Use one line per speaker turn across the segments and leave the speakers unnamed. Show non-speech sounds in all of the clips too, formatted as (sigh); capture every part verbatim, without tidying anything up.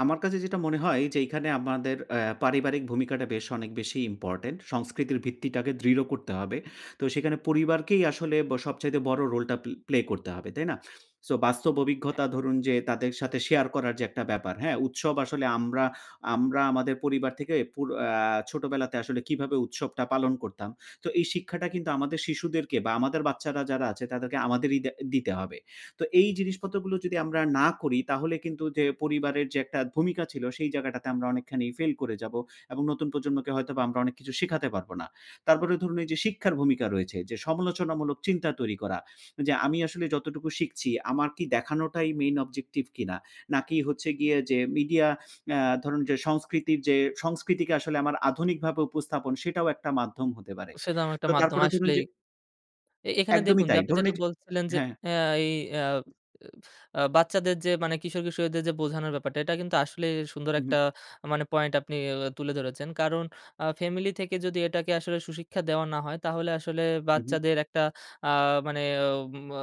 আমার কাছে যেটা মনে হয় যে, এইখানে আমাদের অ্যা পারিবারিক ভূমিকাটা বেশ অনেক বেশি ইম্পোর্টেন্ট, সংস্কৃতির ভিত্তিটাকে দৃঢ় করতে হবে। তো সেখানে পরিবারকেই আসলে ব সবচাইতে বড় রোলটা পে প্লে করতে হবে, তাই না? সো বাস্তব
অ্যা
অভিঘতা ধরুন, যে তাদের সাথে শেয়ার করার যে একটা ব্যাপার, হ্যাঁ? উৎসব আসলে আমরা, আমরা আমাদের পরিবার থেকে পুর আ ছোটবেলাতে আসলে কিভাবে উৎসবটা পালন করতাম। তো এই শিক্ষাটা কিন্তু আমাদের শিশুদেরকে বা আমাদের বাচ্চারা যারা আছে, তাদেরকে আমাদেরই দে দিতে হবে। তো এই জিনিসপত্র গুলো যদি আমরা না করি তাহলে কিন্তু যে পরিবারের যে একটা ভূমিকা ছিল, সেই জায়গাটাতে আমরা অনেকখানি ফেইল করে যাবো এবং নতুন প্রজন্মকে হয়তোবা আমরা অনেক কিছু শেখাতে পারবো না। তারপরে ধরুন, এই যে শিক্ষার ভূমিকা রয়েছে যে সমালোচনামূলক চিন্তা তৈরি করা। যে, "আমি আসলে যতটুকু শিখছি আমার কি দেখানোটাই main objective কিনা? নাকি হচ্ছে গিয়ে যে মিডিয়া" অ্যা ধরুন, যে "সংস্কৃতির যে সংস্কৃতিকে আসলে আমার আধুনিকভাবে উপস্থাপন, সেটাও একটা মাধ্যম হতে পারে।"
সে তো আমার একটা
তো
মাধ্যম,
তারপরে ধরুন,
আস্লেই।
যে
এ এখানে
একদমই
দেখুন,
তাই।
আপনি
ধরুন,
যেটা
এই যে
বলছিলেন, যে
হ্যাঁ, হ্যাঁ।
অ্যা এই অ্যা (blows air) অ্যা বাচ্চাদের যে মানে কিশোর-কিশোরীদের যে বোঝানোর ব্যাপারটা, এটা কিন্তু আসলেই সুন্দর
উহু।
একটা মানে পয়েন্ট আপনি অ অ তুলে ধরেছেন। কারণ আ ফ্যামিলি থেকে যদি এটাকে আসলে সুশিক্ষা দেওয়া না হয়, তাহলে আসলে
উহু।
বাচ্চাদের একটা আ মানে উম আ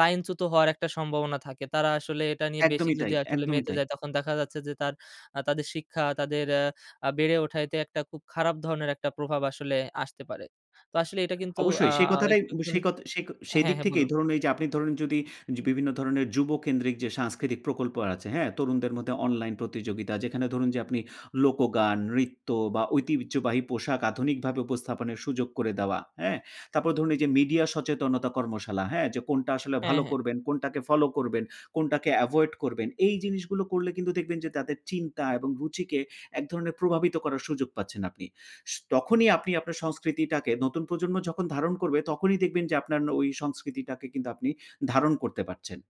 লাইনচ্যুত হওয়ার একটা সম্ভাবনা থাকে। তারা আসলে এটা নিয়ে বেশি
একদমই তাই,
যদি আসলে
একদমই
মেতে
তাই।
যায় তখন দেখা যাচ্ছে যে তাঁর আ তাঁদের শিক্ষা তাদের অ্যা আ বেড়ে ওঠাইতে একটা খুব খারাপ ধরনের একটা প্রভাব আসলে আসতে পারে। তো আসলে এটা কিন্তু আ
অবশ্যই সেই কথাটাই
একটু
ব
হল
সেই কথ সেই ক সেই
হ্যাঁ,
দিক
হ্যাঁ
থেকেই
বলুন।
ধরুন, এই যে আপনি ধরুন, যদি যে বিভিন্ন ধরণের যুবকেন্দ্রিক যে সাংস্কৃতিক প্রকল্প আছে, হ্যাঁ? তরুণদের মধ্যে অনলাইন প্রতিযোগিতা যেখানে ধরুন, যে আপনি লোকগান, রিত্য বা ঐতিহ্যবাহী পোশাক আধুনিকভাবে উপস্থাপনের সুযোগ করে দেওয়া। হ্যাঁ? তারপর ধরুন, এই যে মিডিয়া সচেতনতা কর্মশালা, হ্যাঁ? যে কোনটা আসলে
হ্যাঁ,
ভালো
হ্যাঁ।
করবেন, কোনটাকে ফলো করবেন, কোনটাকে এভয়েড করবেন? এই জিনিসগুলো করলে কিন্তু দেখবেন যে তাদের চিন্তা এবং রুচিকে এক ধরনের প্রভাবিত করার সুযোগ পাচ্ছেন আপনি। সু তখনই আপনি আপনার সংস্কৃতিটাকে নতুন প্রজন্ম যখন ধারণ করবে, তখনই দেখবেন যে আপনার ন ওই সংস্কৃতিটাকে কিন্তু আপনি ধারণ করতে পারছেন।